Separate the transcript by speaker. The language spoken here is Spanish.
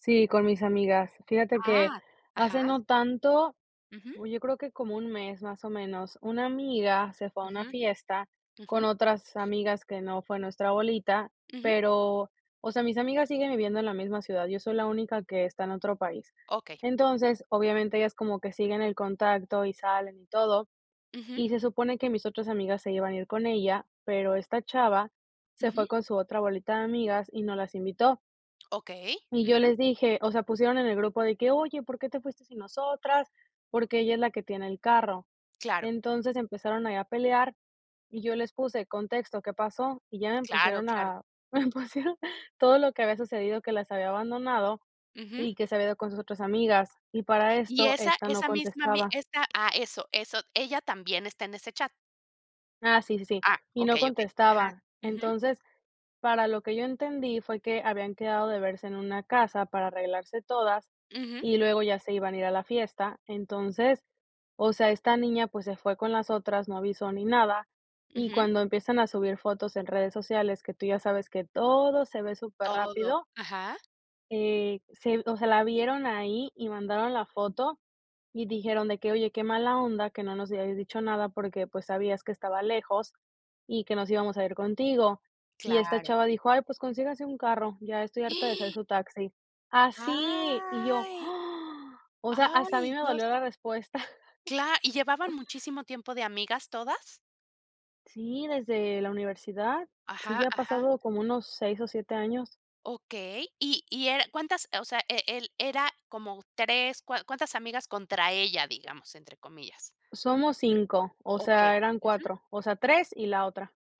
Speaker 1: Sí, con mis amigas. Fíjate que,
Speaker 2: ¡Ah!
Speaker 1: hace
Speaker 2: Ajá.
Speaker 1: no tanto,
Speaker 2: Ujú.
Speaker 1: uy yo creo que como un mes más o menos, una amiga se fue a una
Speaker 2: Ujú.
Speaker 1: fiesta con
Speaker 2: Ujú.
Speaker 1: otras amigas que no fue nuestra bolita,
Speaker 2: Ujú.
Speaker 1: pero, o sea, mis amigas siguen viviendo en la misma ciudad, yo soy la única que está en otro país.
Speaker 2: Okey.
Speaker 1: Entonces, obviamente ellas como que siguen en contacto y salen y todo,
Speaker 2: Ujú.
Speaker 1: y se supone que mis otras amigas se iban a ir con ella, pero esta chava se fue
Speaker 2: Ujú.
Speaker 1: con su otra bolita de amigas y no las invitó.
Speaker 2: Okey.
Speaker 1: Y yo
Speaker 2: Ujú.
Speaker 1: les dije, o sea, pusieron en el grupo de que: "Oye, ¿por qué te fuiste sin nosotras?" Porque ella es la que tiene el carro.
Speaker 2: Claro.
Speaker 1: Entonces empezaron ahí a pelear y yo les puse: "Contexto, ¿qué pasó?" Y ya me
Speaker 2: Claro,
Speaker 1: empezaron
Speaker 2: claro.
Speaker 1: a me pusieron todo lo que había sucedido, que las había abandonado
Speaker 2: Ujú.
Speaker 1: y que se había ido con sus otras amigas, y para
Speaker 2: Y
Speaker 1: esto,
Speaker 2: esa
Speaker 1: ésta no
Speaker 2: esa misma ami
Speaker 1: contestaba.
Speaker 2: esta ¡Ah! Eso, eso, ¿ella también está en ese chat?
Speaker 1: Ah, sí, sí, sí,
Speaker 2: Ah,
Speaker 1: y no
Speaker 2: okey, okey, ajá,
Speaker 1: contestaba.
Speaker 2: ujú.
Speaker 1: Entonces, para lo que yo entendí, fue que habían quedado de verse en una casa para arreglarse todas
Speaker 2: Ujú.
Speaker 1: y luego ya se iban a ir a la fiesta. Entonces, o sea, esta niña, pues se fue con las otras, no avisó ni nada y
Speaker 2: Ujú.
Speaker 1: cuando empiezan a subir fotos en redes sociales, que tú ya sabes que todo se ve súper
Speaker 2: Todo,
Speaker 1: rápido
Speaker 2: ajá.
Speaker 1: eh, se o sea, la vieron ahí y mandaron la foto y dijeron de que: "Oye, qué mala onda que no nos hayas dicho nada porque, pues, sabías que estaba lejos y que nos íbamos a ir contigo". Y esta
Speaker 2: ¡Claro!
Speaker 1: chava dijo: "Ay, pues consíganse un carro, ya estoy harta de ser su taxi". ¡Así! Y yo,
Speaker 2: ¡Ay!
Speaker 1: o sea, hasta a mí
Speaker 2: ¡Ay,
Speaker 1: me dolió
Speaker 2: Dios!
Speaker 1: la respuesta.
Speaker 2: Cla ¿y llevaban muchísimo tiempo de amigas todas?
Speaker 1: Sí, desde la universidad. Sí,
Speaker 2: Ajá,
Speaker 1: ya ha
Speaker 2: ajá.
Speaker 1: pasado como unos 6 o 7 años.
Speaker 2: Okey. Y y er ¿Cuántas? O sea, e el ¿era como 3? ¿Cua cuántas amigas contra ella? Digamos, entre comillas.
Speaker 1: Somos 5. O
Speaker 2: Okey.
Speaker 1: sea, eran
Speaker 2: Ujú.
Speaker 1: 4. O sea, 3 y la otra.